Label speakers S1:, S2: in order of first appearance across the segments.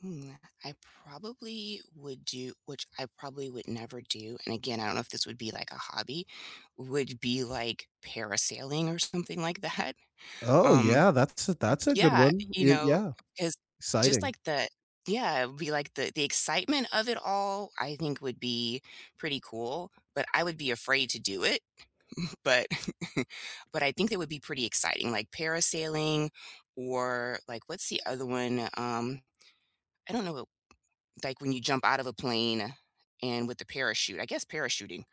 S1: Hmm, uh, I probably would do which I probably would never do, and again, I don't know if this would be, like, a hobby, would be, like, parasailing or something like that.
S2: Oh
S1: Um,
S2: yeah, that's a that's a good
S1: yeah,
S2: one,
S1: you
S2: eh
S1: know,
S2: Yeah,
S1: it's, just,
S2: exciting.
S1: like, the Yeah, it would be, like, the the excitement of it all, I think would be pretty cool, but I would be afraid to do it, but but I think it would be pretty exciting, like, parasailing or, like What's the other one? Um, I don't know, like, when you jump out of a plane and with the parachute, I guess parachuting,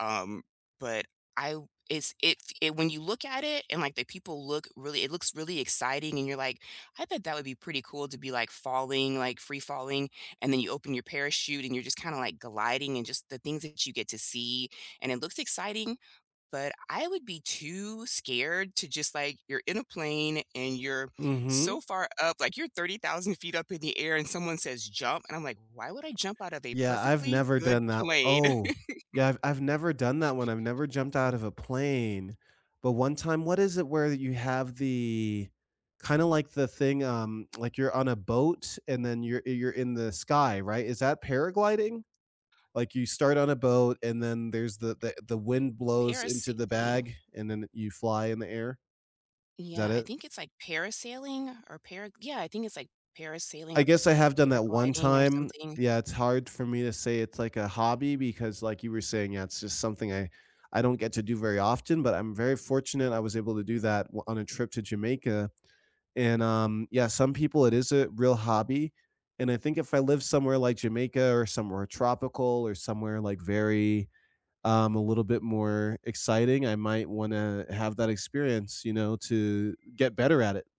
S1: um, but I w it's it it when you look at it, and, like, the people look really it looks really exciting, and you're like, "I bet that would be pretty cool to be, like, falling, like, free falling," and then you open your parachute, and you're just kinda, like, gliding and just the things that you get to see, and it looks exciting, but I would be too scared to, just, like you're in a plane, and you're
S2: Mhm.
S1: so far up, like, you're 30,000 feet up in the air and someone says, "Jump," and I'm, like, "Why would I jump out of a
S2: Yeah, I've
S1: perfectly
S2: never
S1: good
S2: done that
S1: plane?"
S2: o Oh, yeah, I've I've never done that one, I've never jumped out of a plane, but one time What is it where you have the kinda, like, the thing, um like, you're on a boat, and then you're you're in the sky, right? Is that paragliding? Like, you start on a boat, and then there's the the the wind blows into the
S1: Parasailing.
S2: bag, and then you fly in the air. Is
S1: Yeah,
S2: that
S1: I
S2: it?
S1: think it's, like, parasailing or para Yeah, I think it's like parasailing
S2: I
S1: or
S2: guess I have done that one
S1: paragliding or
S2: time.
S1: something.
S2: Yeah, it's hard for me to say it's, like, a hobby because, like, you were saying, yeah, it's just something I I don't get to do very often, but I'm very fortunate I was able to do that w on a trip to Jamaica, and, um, yeah, some people it is a real hobby, and I think if I live somewhere like Jamaica or somewhere tropical or somewhere, like, very, um, a little bit more exciting, I might wanna have that experience, you know, to get better at it.